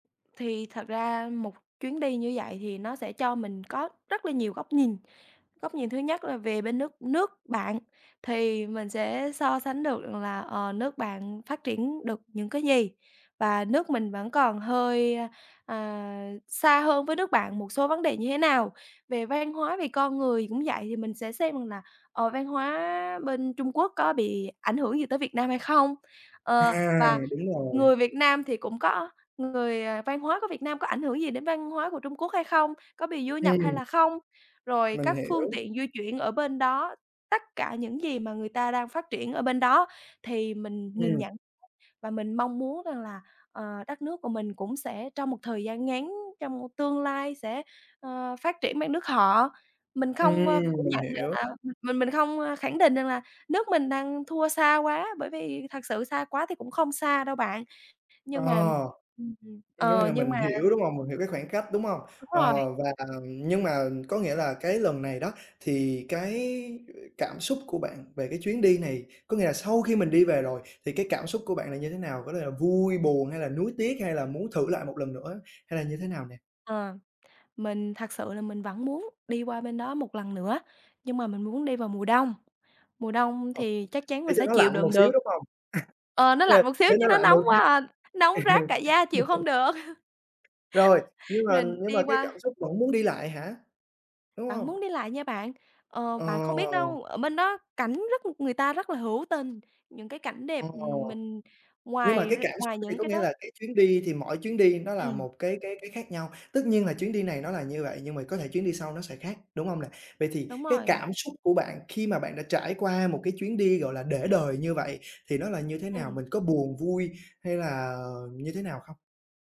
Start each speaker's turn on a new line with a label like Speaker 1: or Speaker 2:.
Speaker 1: Thì thật ra một chuyến đi như vậy thì nó sẽ cho mình có rất là nhiều góc nhìn. Góc nhìn thứ nhất là về bên nước nước bạn thì mình sẽ so sánh được rằng là, ờ, nước bạn phát triển được những cái gì và nước mình vẫn còn hơi, à, xa hơn với nước bạn một số vấn đề như thế nào. Về văn hóa, về con người cũng vậy, thì mình sẽ xem rằng là, ờ, văn hóa bên Trung Quốc có bị ảnh hưởng gì tới Việt Nam hay không, ờ,
Speaker 2: À,
Speaker 1: và
Speaker 2: đúng rồi.
Speaker 1: người Việt Nam thì cũng có người ờ, văn hóa của Việt Nam có ảnh hưởng gì đến văn hóa của Trung Quốc hay không, có bị du nhập hay
Speaker 2: Ừm.
Speaker 1: là không. Rồi
Speaker 2: Mình
Speaker 1: các phương
Speaker 2: hiểu.
Speaker 1: tiện di chuyển ở bên đó, tất cả những gì mà người ta đang phát triển ở bên đó thì mình nhìn
Speaker 2: Ừm.
Speaker 1: nhận và mình mong muốn rằng là, ờ, đất nước của mình cũng sẽ trong một thời gian ngắn, trong tương lai sẽ, ờ, phát triển bằng nước họ. Mình không, ơ, phủ
Speaker 2: Ừm, mình
Speaker 1: nhận rằng
Speaker 2: hiểu.
Speaker 1: là mình mình không, a, khẳng định rằng là nước mình đang thua xa quá, bởi vì thật sự xa quá thì cũng không xa đâu bạn.
Speaker 2: Ờ.
Speaker 1: Nhưng mà, ừm,
Speaker 2: Có nghĩa
Speaker 1: ờ,
Speaker 2: là
Speaker 1: nhưng
Speaker 2: mình
Speaker 1: mà
Speaker 2: hiểu, đúng hông? Mình hiểu cái khoảng cách, đúng hông?
Speaker 1: Đúng rồi.
Speaker 2: Ờ, và nhưng mà có nghĩa là cái lần này đó thì cái cảm xúc của bạn về cái chuyến đi này có nghĩa là sau khi mình đi về rồi, thì cái cảm xúc của bạn là như thế nào? Có thể là vui buồn hay là nuối tiếc hay là muốn thử lại một lần nữa hay là như thế nào nè?
Speaker 1: Ờ, mình thật sự là mình vẫn muốn đi qua bên đó một lần nữa, nhưng mà mình muốn đi vào mùa đông, mùa đông
Speaker 2: Ờ,
Speaker 1: thì chắc chắn mình
Speaker 2: để cho
Speaker 1: sẽ
Speaker 2: nó
Speaker 1: chịu
Speaker 2: lạnh
Speaker 1: đựng
Speaker 2: một xíu,
Speaker 1: được.
Speaker 2: đúng hông?
Speaker 1: Ờ, nó
Speaker 2: Ờ,
Speaker 1: lạnh một xíu
Speaker 2: để
Speaker 1: chứ
Speaker 2: nó
Speaker 1: nó
Speaker 2: lạnh
Speaker 1: nóng
Speaker 2: một
Speaker 1: quá
Speaker 2: xíu.
Speaker 1: à, nóng rát cả da chịu không được.
Speaker 2: Rồi, nhưng mà
Speaker 1: Rình
Speaker 2: nhưng mà
Speaker 1: đi
Speaker 2: cái
Speaker 1: qua
Speaker 2: cảm xúc vẫn muốn đi lại hả? Đúng
Speaker 1: Vẫn
Speaker 2: hông?
Speaker 1: muốn đi lại nha bạn. Ờ, bạn không biết
Speaker 2: Ờ!
Speaker 1: đâu, ở bên đó cảnh rất người ta rất là hữu tình, những cái cảnh đẹp, ừm,
Speaker 2: Ồ.
Speaker 1: mình
Speaker 2: Nhưng mà
Speaker 1: ngoài r
Speaker 2: cái cảm xúc
Speaker 1: ngoài
Speaker 2: thì
Speaker 1: những
Speaker 2: có
Speaker 1: cái
Speaker 2: nghĩa là
Speaker 1: đó
Speaker 2: cái chuyến đi thì mỗi chuyến đi nó là
Speaker 1: Ừm.
Speaker 2: một cái cái cái khác nhau, tất nhiên là chuyến đi này nó là như vậy, nhưng mà có thể chuyến đi sau nó sẽ khác, đúng hông nè? Vậy thì
Speaker 1: Đúng
Speaker 2: cái
Speaker 1: rồi.
Speaker 2: cảm xúc của bạn khi mà bạn đã trải qua một cái chuyến đi, gọi là, để đời như vậy, thì nó là như thế nào?
Speaker 1: Ừm.
Speaker 2: Mình có buồn, vui, hay là như thế nào không?